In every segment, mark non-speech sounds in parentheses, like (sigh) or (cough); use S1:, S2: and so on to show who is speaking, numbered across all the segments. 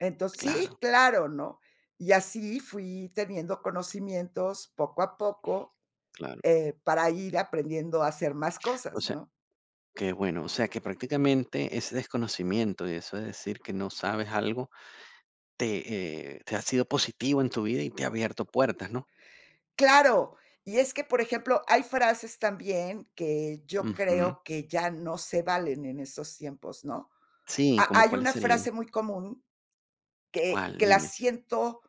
S1: Entonces
S2: Claro.
S1: Sí, claro, ¿no? Y así fui teniendo conocimientos poco a poco,
S2: Claro.
S1: eh, para ir aprendiendo a hacer más
S2: O
S1: cosas,
S2: sea,
S1: ¿no?
S2: que bueno, o sea, que prácticamente ese desconocimiento y eso de decir que no sabes algo te, eh, te ha sido positivo en tu vida y te ha abierto puertas, ¿no?
S1: Claro y es que por ejemplo, hay frases también que yo
S2: Ujú.
S1: creo que ya no se valen en estos tiempos, ¿no?
S2: Sí,
S1: Ha
S2: ¿como
S1: hay
S2: cuáles
S1: una
S2: serían?
S1: frase muy común que
S2: ¿Cuál?
S1: que la
S2: Dime.
S1: siento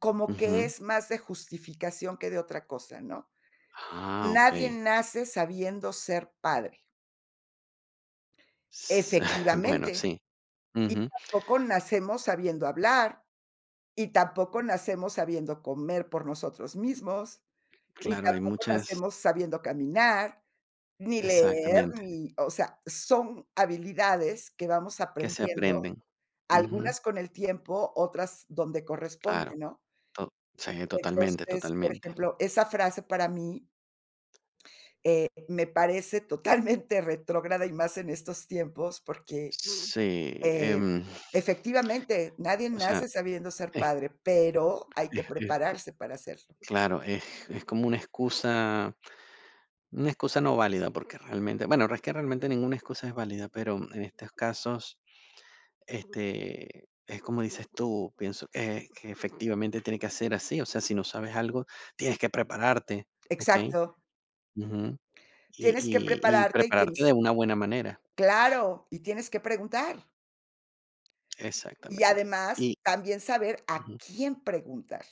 S1: como que
S2: Ujú.
S1: es más de justificación que de otra cosa, ¿no?:
S2: Ah,
S1: "Nadie
S2: okey.
S1: nace sabiendo ser padre".
S2: S (chuckles) bueno,
S1: Efectivamente.
S2: sí.
S1: Y
S2: Ujú.
S1: tampoco nacemos sabiendo hablar, y tampoco nacemos sabiendo comer por nosotros mismos, y
S2: Claro, hay
S1: tampoco
S2: muchas
S1: nacemos sabiendo caminar ni leer,
S2: Exactamente.
S1: ni, o sea, son habilidades que vamos
S2: Que se
S1: aprendiendo,
S2: aprenden. Ujú.
S1: algunas con el tiempo, otras donde
S2: Claro,
S1: corresponde, ¿no?
S2: to sí, totalmente,
S1: Entonces, por
S2: totalmente.
S1: ejemplo, esa frase para mí eh, me parece totalmente retrógrada y más en estos tiempos, porque,
S2: Sí,
S1: eh,
S2: em
S1: efectivamente nadie
S2: O sea,
S1: nace sabiendo ser
S2: e
S1: padre, pero hay que
S2: Es, es co
S1: prepararse para serlo.
S2: claro, es es como una excusa una excusa no válida, porque realmente, bueno, es que realmente ninguna excusa es válida, pero en estos casos, este, es como dices tú, pienso, eh, que efectivamente tiene que ser así. O sea, si no sabes algo, tienes que prepararte, ¿okey?
S1: Exacto.
S2: Ujú. Y
S1: Tienes que
S2: y y
S1: prepararte y
S2: prepararte de
S1: tienes
S2: una buena manera.
S1: Claro, y tienes que preguntar. Y
S2: Exactamente.
S1: además
S2: Y
S1: también saber a
S2: ujú
S1: quién preguntar.